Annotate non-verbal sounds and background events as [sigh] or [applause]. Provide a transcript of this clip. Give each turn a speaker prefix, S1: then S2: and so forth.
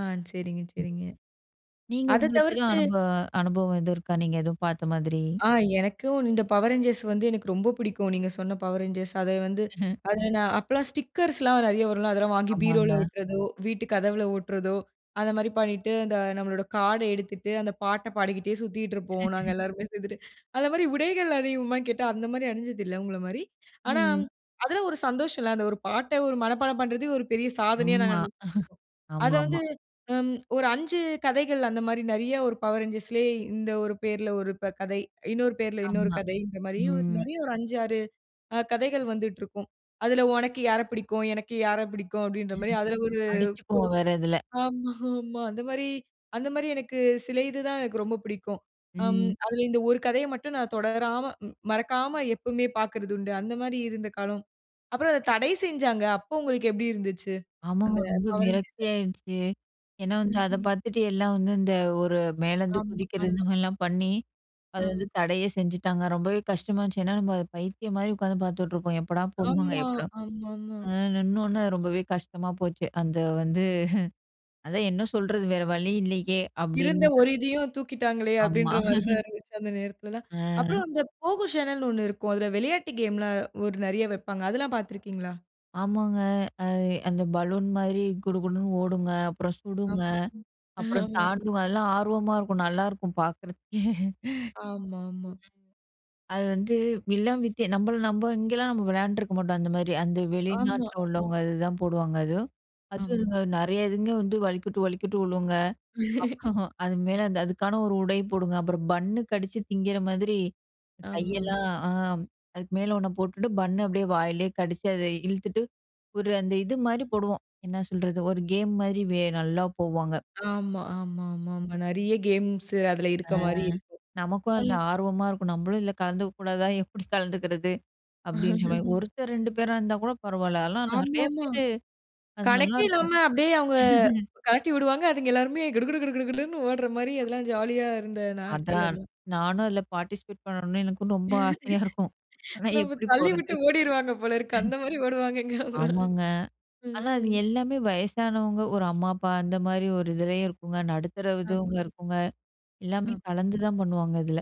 S1: ஆ சரிங்க,
S2: ம்.
S1: சரிங்க.
S2: நீங்க
S1: அத
S2: உங்களுக்கு எதுவும்
S1: தவிர்த்து
S2: அனுபவ அனுபவம் எதுவும் இருக்கா, நீங்க எதுவும் பார்த்த மாதிரி?
S1: ஆ எனக்கும் இந்த பவர் ரேஞ்சர்ஸ் வந்து, எனக்கு ரொம்ப புடிக்கும். நீங்க சொன்ன பவர் ரேஞ்சர்ஸ் அத வந்து
S2: [chuckles]
S1: அதில நான் அப்பலாம் ஸ்டிக்கர்ஸ்லாம் நெறைய வரும்ல. அதெல்லாம் வாங்கி பரோவில
S2: ஆமாங்க.
S1: ஓட்டுறதோ, வீட்டு கதவுல ஓட்டுறதோ, அந்த மாரி பண்ணிட்டு அந்த நம்மளோட கார்ட் எடுத்துட்டு அந்த பாட்ட பாடிகிட்டே சுத்திட்டு இருப்போம். நாங்க
S2: [chuckles]
S1: எல்லாருமே சேந்துட்டு. அந்த மாரி உடைகள் அனிவோமானு கேட்டா அந்த மாரி அனிஞ்சதில்ல அவுங்கள மாரி. ஆனா,
S2: ம்.
S1: அதில ஒரு சந்தோஷம்ல. அந்த ஒரு பாட்ட ஒரு மனப்பாடம் பண்றதே ஒரு பெரிய சாதனயா நாங்க
S2: ஆம்மா, [chuckles]
S1: அத வந்து
S2: ஆமாமா.
S1: ஒரு ம் 5 கதைகள் அந்த மாரி நெறைய 1 பவர் ரேஞ்சர்ஸ்லயே இந்த 1 பெயருல 1 ப கதை. இன்னொரு பேர்ல இன்னொரு
S2: ஆமா.
S1: கதைன்ற மாரி
S2: ம்.
S1: நெறைய ஒரு 5, 6 அ கதைகள் வந்துட்டுருக்கும். அதில உனக்கு யாரப் புடிக்கும்? எனக்கு யாரப் புடிக்கும்? அப்டின்ற மாரி
S2: [chuckles]
S1: அதில ஒரு
S2: அடிச்சுக்குவோம் வேற இதில.
S1: ஆமா, ஆமா. [chuckles] அந்த மாரி அந்த மாரி எனக்கு சில இது தான் எனக்கு ரொம்ப பிடிக்கும். அம்
S2: ம்.
S1: அதில இந்த 1 கதையை மட்டும் நான் தொடராம மறக்காம எப்போமே பார்க்கிறது உண்டு. அந்த மாரி இருந்த காலம். அப்புறம் அத தடை செய்ஞ்சாங்க. அப்போ உங்களுக்கு எப்டி இருந்சிச்சு
S2: ஆமாங்க.
S1: அந்த
S2: ரொம்ப
S1: பவர் ரேஞ்சர்ஸ?
S2: விரக்தியாிச்சு. ஏன்னா, வந்து அத
S1: ம்ஹம்.
S2: பார்த்துட்டு எல்லாம் வந்து இந்த ஒரு மேலேருந்து
S1: ஆமா,
S2: குதிக்கிறது
S1: ஆமா.
S2: இந்த மாரிலாம் பண்ணி அத
S1: ஆம்.
S2: வந்து தடையே செஞ்சுட்டாங்க. ரொம்பவே கஷ்டமா இருந்துச்சு. ஏன்னா, நம்ம அத பைத்தியம் மாரி உட்காந்து பார்த்துட்ருப்போம். எப்படா போடுவாங்க?
S1: ஆமா.
S2: எப்படா
S1: ஆமாமா.
S2: அ நின்னோன அது ரொம்பவே கஷ்டமா போச்சு. அந்த வந்து [chuckles] அதான் என்ன சொல்றது வேற வழி இல்லயே?
S1: இருந்த
S2: அப்டின்ட்டு
S1: ஒரு இதயும் தூக்கிட்டாங்களே
S2: ஆமா.
S1: அப்டின்ற மாரிதான்
S2: [chuckles]
S1: இருந்துச்சு அந்த நேரத்திலலாம். அப்புறம்
S2: ஆ.
S1: இந்த Pogo சேனல்னு ஒண்ணு இருக்கும். அதில விளையாட்டு கேம்லாம் நெறைய ஒரு வைப்பாங்க. அதெல்லாம் பார்த்துருக்கீங்களா?
S2: ஆமாங்க. ஆ அந்த பலூன் மாரி குடுகுடுன்னு ஓடுங்க. அப்புறம் சுடுங்க.
S1: ஆமா, ம்.
S2: அப்புறம்
S1: [chuckles] ஆமாம்.
S2: தாண்டுங்க. அதெல்லாம் ஆர்வமா இருக்கும் நல்லாருக்கும் பார்க்கறதுக்கே.
S1: ஆமாமா.
S2: [chuckles] அது வந்து வில்லன் வித் நம்மள நம்ம இங்கேலாம் நம்ம விளையாண்டுருக்க மாட்டோம் அந்த மாரி. அந்த
S1: ஆமா.
S2: வெளிநாட்ல
S1: ம்.
S2: உள்ளவங்க அதுதான் போடுவாங்க. அதுவும் அதுவும்
S1: ஆமா.
S2: இதுங்க நெறைய இதுங்க வந்து வலிக்குட்டு, வலிக்குட்டு விழுங்க. அப்
S1: [laughs]
S2: [chuckles] அது மேல அந்த அதுக்கான ஒரு உடை போடுங்க. அப்புறம் பன்னு கடிச்சு திங்கிற மாரி
S1: ஆமாம்.
S2: கையெல்லாம், அ அதுக்கு மேல ஒன்ன போட்டுட்டு பன்னு அப்டியே வாயிலேயே கடிச்சு அத இழுத்துட்டு, ஒரு அந்த இது மாரி போடுவோம் என்ன சொல்றது ஒரு கேம் மாதிரி வே நல்லா போவாங்க.
S1: ஆமா, ஆமாமாமா. நெறைய கேம்ஸ் அதில
S2: ஆ
S1: இருக்க மாரி இருக்கு.
S2: நமக்கும் அதில
S1: ம்.
S2: ஆர்வமா இருக்கும். நம்மளும் இதில கலந்துக்க கூடாதா [chuckles] எப்டி கலந்துக்கிறது? அப்டின்ன மாரி
S1: [laughs]
S2: 1த்தர் 2 பேரா இருந்தா கூட பரவால்ல. அதலாம் நெறைய
S1: ஆமாமா.
S2: பேரு. அது
S1: கணக்கே இல்லாம
S2: நல்லாருக்கும்.
S1: அப்டியே அவங்க,
S2: [laughs]
S1: கழட்டி விடுவாங்க. அதுங்க எல்லாருமே கிடு கிடு கிடு கிடுகிடுன்னு ஓடுற மாரி அதெல்லாம் ஜாலியா இருந்த நாட்கள்
S2: அதான்.
S1: அதெல்லாம்.
S2: நானும் அதில பார்ட்டிசிபேட் பண்ணணும்னு எனக்கும் ரொம்ப ஆசையா இருக்கும்.
S1: [laughs]
S2: ஆனா,
S1: நம்ம
S2: எப்படி
S1: தள்ளி
S2: போறது
S1: விட்டு
S2: [chuckles]
S1: ஓடிருவாங்க போல இருக்கு, அந்த மாரி ஓடுவாங்க எங்காவுது.
S2: ஆமாங்க. ஆனா, அது
S1: ம்.
S2: எல்லாமே வயசானவங்க ஒரு அம்மா அப்பா அந்த மாரி ஒரு இதுலயும் இருக்குங்க. நடுத்தரவங்க
S1: ஆமா.
S2: இதுங்க
S1: ம்.
S2: இருக்குங்க. எல்லாமே
S1: ஆம்.
S2: கலந்து
S1: ம்.
S2: தான் பண்ணுவாங்க இதில.